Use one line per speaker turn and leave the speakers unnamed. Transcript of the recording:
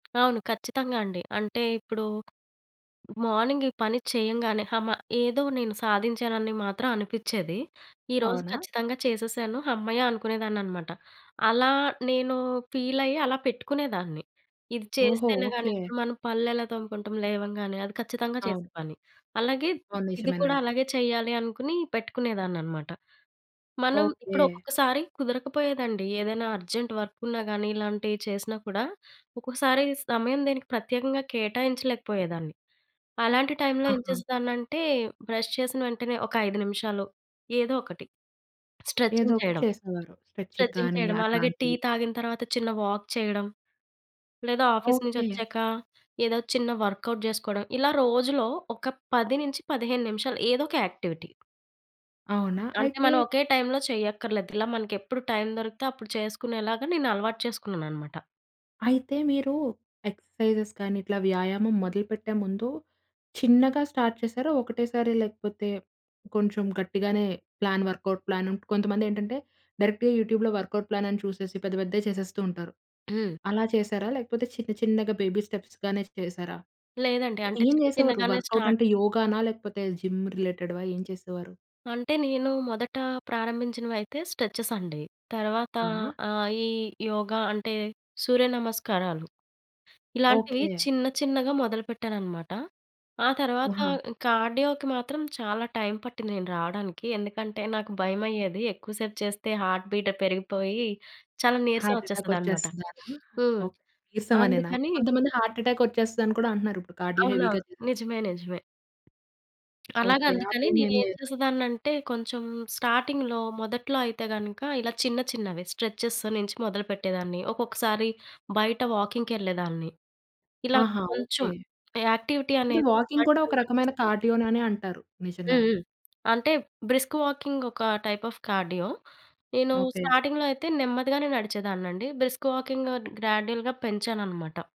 అవును ఖచ్చితంగా అండి. అంటే ఇప్పుడు మార్నింగ్ ఈ పని చేయంగానే, హమ ఏదో నేను సాధించానని మాత్రం అనిపించేది. ఈరోజు
అవునా?
ఖచ్చితంగా చేసేసాను హమ్మయ్య! అనుకునేదాన్నన్నమాట. అలా నేను ఫీల్ అయ్యి, అలా పెట్టుకునేదాన్ని. ఇది
ఓహో!
చేస్తేనే గాని
ఓకే.
ఇప్పుడు మనం పళ్ళెలా తోముకుంటాం లేవంగానే అది ఖచ్చితంగా చేసే
అవును.
పని. అలాగే
ఆవును.
ఇది కూడా
నిజమేనండి.
అలాగే చేయాలి అనుకుని పెట్టుకునేదాన్నన్నమాట. మనం ఇప్పుడు
ఓకే.
ఒక్కొక్కసారి కుదరక పోయేదండి ఏదైనా అర్జెంట్ వర్క్ ఉన్నా గాని, ఇలాంటియి చేసినా కూడా ఒక్కోసారి సమయం దీనికి ప్రత్యేకంగా కేటాయించలేకపోయేదాన్ని. అలాంటి టైమ్‌లో ఏం
ఆహా!
చేసేదాన్నంటే, బ్రష్ చేసిన వెంటనే, ఒక 5 నిమిషాలు ఏదో ఒకటి స్ట్రెచింగ్
ఏదోకటి
చేయడం,
చేసేవారు. స్ట్రెచింగ్
స్ట్రెచింగ్
గాని
చేయడం. అలాగే టీ
అట్లాంటివి.
తాగిన తర్వాత, చిన్న వాక్ చేయడం. లేదా ఆఫీస్ నుంచి
ఓకే.
ఒచ్చాక, ఏదో చిన్న వర్క్‌ఔట్ చేసుకోవడం. ఇలా రోజులో ఒక 10 నుంచి 15 నిమిషాలు ఏదో ఒక యాక్టివిటీ.
అవునా,
అంటే
అయితే
మనం ఒకే టైమ్‌లో చేయక్కర్లేదు. ఇలా మనకి ఎప్పుడు టైమ్ దొరికితే, అప్పుడు చేసుకునేలాగా నేను అలవాటు చేసుకున్నానన్నమాట.
అయితే మీరు ఎక్సర్సైజెస్ కానీ, ఇట్లా వ్యాయామం మొదలుపెట్టే ముందు చిన్నగా స్టార్ట్ చేశారా? ఒకటేసారి లేకపోతే, కొంచెం గట్టిగానే ప్లాన్ వర్క్‌ఔట్ ప్లాన్ కొంతమంది ఏంటంటే, డైరెక్ట్‌గా యూట్యూబ్‌లో వర్క్‌ఔట్ ప్లాన్ అని చూసేసి పెద్ద, పెద్దయి చేసేస్తూ ఉంటారు.
హ్మ్.
అలా చేశారా? లేకపోతే చిన్న, చిన్నగా బేబీ స్టెప్స్‌ గానే చేశారా?
లేదండి. అంటే
ఏం
చిన్న,
జేసేవారు?
చిన్నగానే
వర్క్‌ఔట్
స్టార్ట్
అంటే యోగానా? లేకపోతే జిమ్ రిలేటెడ్‌వా ఏం చేసేవారు?
అంటే, నేను మొదట ప్రారంభించినవయితే స్ట్రెచెస్ అండి. తర్వాత
అవునా?
ఆహ్, ఈ యోగా అంటే, సూర్యనమస్కారాలు ఇలాంటివి
ఓకే.
చిన్న, చిన్నగా మొదలు పెట్టానన్నమాట. ఆ తరువాత
ఆహా!
కార్డియోకి మాత్రం చాలా టైమ్ పట్టింది నేను రావడానికి. ఎందుకంటే, నాకు భయమయ్యేది. ఎక్కువ సేపు చేస్తే, హార్ట్ బీట్ పెరిగిపోయి చాలా నీరసం
హార్ట్ ఎటాక్
వచ్చేస్తదన్నమాట.
వచ్చేస్తుందనా?
హ్మ్.
ఓహ్! నీరసమానేనా!
అందుకని.
కొంతమంది హార్ట్ ఎటాక్ వచ్చేస్తదని కూడా అంటున్నారు. ఇప్పుడు కార్డియో
అవునా!
హెవీగా చేసేస్తే.
నిజమే. నిజమే. అలాగా
ఓకే. ఆ
అందుకని, నేను
భయమేం
ఏం
లేదా?
చేసేదాన్నంటే కొంచెం స్టార్టింగ్‌లో మొదట్లో అయితే గనుక, ఇలా చిన్న, చిన్నవి స్ట్రెచెస్ నుంచి మొదలుపెట్టేదాన్ని. ఒక్కొక్కసారి బయట వాకింగ్‌‌కెళ్ళేదాన్ని ఇలా
ఆహా!
కొంచెం
ఓకే.
యాక్టివిటీ
అంటే,
అనేది
వాకింగ్ కూడా
బాడీకి
ఒక
అలవాటు
రకమైన
చేస్తను.
కార్డియోననే అంటారు.
హ్మ్.
నిజంగానే.
హ్మ్. అంటే బ్రిస్క్ వాకింగ్ ఒక టైప్ అఫ్ కార్డియో. నేను
ఓకే.
స్టార్టింగ్‌లో అయితే నెమ్మదిగానే నడిచేదాన్నండి. Brisk walking గ్రాడ్యుయల్‌గా పెంచానన్నమాట.